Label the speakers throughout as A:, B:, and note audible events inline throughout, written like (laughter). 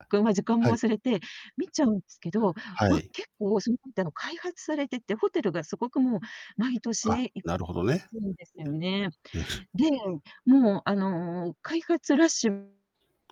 A: あ、
B: ぐんは時間
A: は
B: も
A: い。
B: 忘れて見ちゃうんすけど、
A: は
B: ま、
A: い。
B: 結構そのほんての開発されてて、ホテルが凄くもう毎年
A: が、
B: いっ
A: なるほどね。うえ、も
B: ちぷんでせうね。
A: す
B: で、もうあの、開発ラッシュ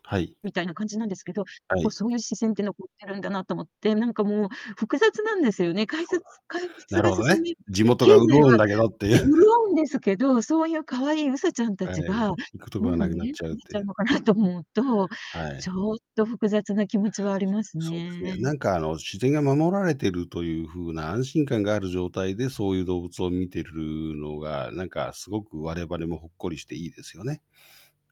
A: はい。
B: みたいな感じなんですけど、
A: は
B: もう
A: い。
B: そういう自然って残ってるんだなと思って、なんかもう複雑なんですよね。改
A: そう
B: 札
A: だ。
B: 開 (unintelligible) つ
A: なる
B: が
A: ほど
B: 進
A: ね。
B: み、
A: 地元
B: 経
A: が
B: 済は、
A: 潤うんだけどってい
B: ね、
A: う。
B: 潤
A: (chuckles)
B: うんですけど、そういう可愛いうさちゃん
A: は
B: 達
A: い。
B: が、
A: 行くとこが
B: もう
A: なくな
B: 見
A: っ
B: え
A: ち
B: な
A: ゃ
B: く
A: うっ
B: なっ
A: て
B: ち
A: い
B: ゃう
A: う。
B: のかなと思うと、
A: は
B: ち
A: い。
B: ょっと複雑な気持ちはありま
A: (unintelligible)
B: す
A: そうですね、
B: ね。
A: なんかあの、自然が守られてるというふうな安心感がある状態で、そういう動物を見てるのが、なんかすごく我々もほっこりしていいですよね。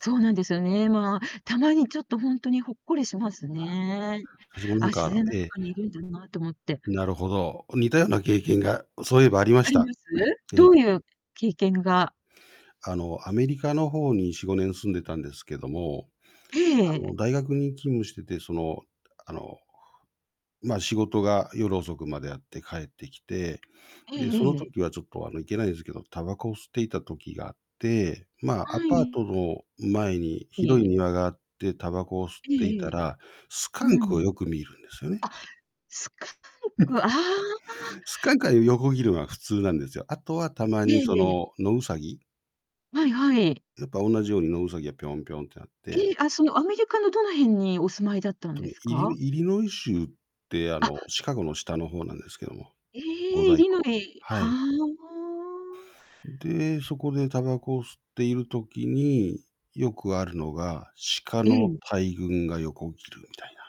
B: そうなんですよね。まあ、たまにちょっとほんとにほっこりします
A: は、
B: ね
A: はじもな
B: 「あ、
A: んか、
B: 自
A: あら
B: 然の
A: ええ。
B: 中にいるんだな」と思って。
A: なるほど。似たような経験が、そういえばありま
B: あ
A: し
B: り
A: た。
B: ます？
A: (clears throat) え
B: ど
A: え。
B: ういう経験が
A: あの、アメリカの方に4、5年住んでたんですけども、うあ
B: ええ。
A: の、大学に勤務してて、その、あの、まあ仕事が夜遅くまであって帰ってきて、
B: え
A: で、その
B: えええ。
A: 時はちょっとあの、いけないんですけど、タバコを吸っていた時があって、まあ、ア
B: は
A: パートの前に広い
B: い。
A: 庭があってタバコを吸っ
B: ええ
A: てい
B: ええ
A: た
B: ええ。
A: ら、スカ
B: う
A: ンク
B: ん。
A: を
B: あ、
A: よく見るんですよね。
B: スカン
A: うん。く
B: ク、ああ。
A: スカンクはよ横切るのは普通なんですよ。あとはたま
B: え
A: に、
B: え
A: そ
B: ええ。
A: の、野ウサギ。
B: はいはい。
A: やっぱおんなじように野ウサギがぴょんぴょんってなって。
B: え、あ、そのアメリカのどの辺にお住まいだったん
A: と
B: で
A: ね、
B: す
A: イ
B: か？
A: リイリノイ州ってあ
B: あ。
A: のシカゴの下の方なんですけども、
B: え、
A: 五
B: イ
A: 大
B: リ
A: 湖
B: ノ
A: の。
B: イ。
A: は
B: は
A: い。
B: あ。
A: んで、そこでタバコを吸っている時に、よくあるのが、鹿
B: え
A: の
B: え。
A: 大群が横起きるみたいな。